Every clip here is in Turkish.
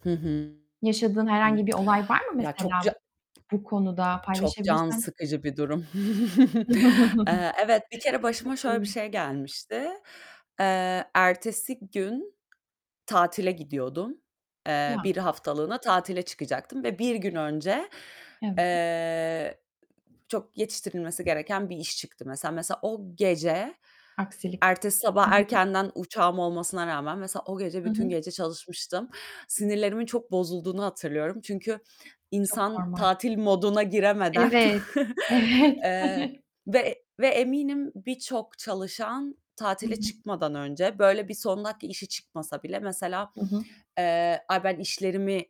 Hı hı. Yaşadığın Hı. herhangi bir olay var mı Ya, çok mesela ca bu konuda çok can paylaşabilirsen sıkıcı bir durum. Eee, evet, bir kere başıma şöyle bir [unintelligible] şey gelmişti: Eee, ertesi gün tatile gidiyordum. Eee, Ya. bir haftalığına tatile çıkacaktım ve bir gün önce, [unintelligible] eee, çok yetiştirilmesi gereken bir iş çıktı mesela. Mesela o gece, Aksilik. ertesi Hı sabah hı. erkenden uçağım olmasına rağmen, mesela o gece Hı bütün hı. gece çalışmıştım. Sinirlerimin çok bozulduğunu hatırlıyorum. Çünkü Çok insan normal. tatil moduna giremeden, Evet, evet. eee, ve e ve eminim birçok çalışan Hı tatile hı. çıkmadan önce böyle bir son dakika işi çıkmasa bile mesela, Hı hı. eee, "Ay, ben işlerimi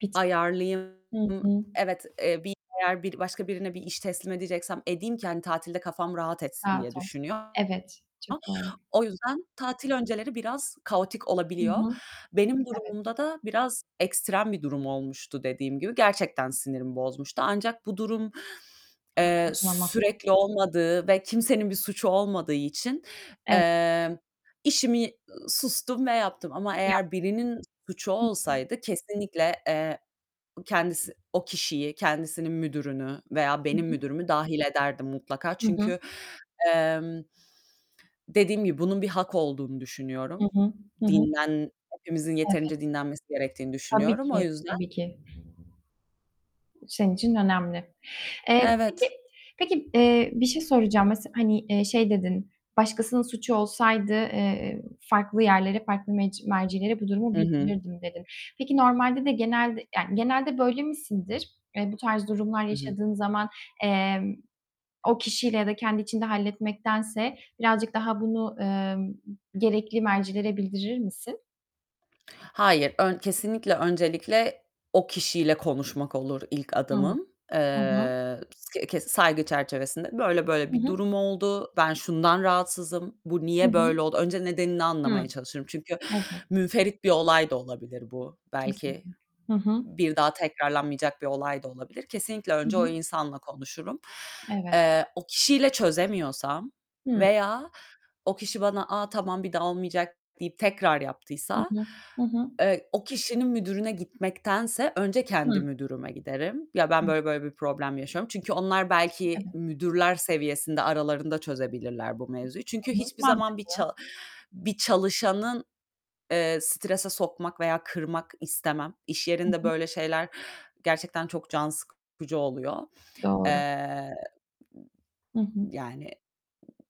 Bitireyim. ayarlayayım. Hı hı. Evet, eee, bir, eğer bir başka birine bir iş teslim edeceksem edeyim ki hani tatilde kafam rahat etsin." diye Rahat olsun. düşünüyor. Evet, çok doğru. [unintelligible] O yüzden tatil önceleri biraz kaotik Hı olabiliyor. hı. Benim Evet. durumumda da biraz ekstrem bir durum olmuştu dediğim gibi, gerçekten sinirimi bozmuştu. Ancak bu durum, eee, Haklısın ama. sürekli olmadığı ve kimsenin bir suçu olmadığı için, Evet. eee, işimi, sustum ve yaptım ama Ya. eğer birinin suçu Hı hı. olsaydı kesinlikle, eee, kendisi o kişiyi, kendisinin müdürünü veya Hı benim hı. müdürümü dâhil ederdim mutlaka. Hı hı. Çünkü, emm, dediğim gibi bunun bir hak olduğunu Hı düşünüyorum. hı. Hı hı. Dinlen hepimizin Evet. yeterince dinlenmesi gerektiğini Tabii düşünüyorum. O ki, yüzden tabii ki. Senin için önemli. Eee, peki, Evet. peki, eee, bir şey soracağım. Mesel hani, şey dedin: "Başkasının suçu olsaydı, eee, farklı yerlere, farklı mec mercilere bu durumu Hı hı. bildirirdim." dedin. Peki normalde de genelde, yani genelde böyle misindir? Eee, bu tarz durumlar Hı hı. yaşadığın zaman, emm, o kişiyle ya da kendi içinde halletmektense birazcık daha bunu, emm, gerekli mercilere bildirir misin? Hayır, ön kesinlikle, öncelikle o kişiyle konuşmak olur ilk Hıı. adımım. Hı hı. Eee, kıs ke saygı çerçevesinde "Böyle böyle Hı bir hı. durum oldu. Ben şundan rahatsızım. Bu Hı niye böyle hı. oldu?" Önce nedenini Hıı. anlamaya çalışırım. Çünkü Evet. münferit bir olay da olabilir bu. Belki Kesinlikle. Hı hı. bir daha tekrarlanmayacak bir olay da olabilir. Kesinlikle Hı önce o hı. insanla konuşurum. Evet. Eee, o kişiyle çözemiyorsam Hıı. veya o kişi bana "A, tamam, bir daha olmayacak." deyip tekrar Hı yaptıysa, hı. Hı hı. eee, o kişinin müdürüne gitmektense önce kendi Hıı. müdürüme giderim. "Ya, ben böyle böyle bir problem yaşıyorum." Çünkü onlar belki Evet. müdürler seviyesinde aralarında çözebilirler bu mevzuyu. Çünkü [unintelligible] hiçbir zaman bir Mantıklı. ça bir çalışanı, eee, strese sokmak veya kırmak istemem. İş Hı yerinde hı. böyle şeyler gerçekten çok can sıkıcı oluyor. Doğru. Eee, Hı hı. yani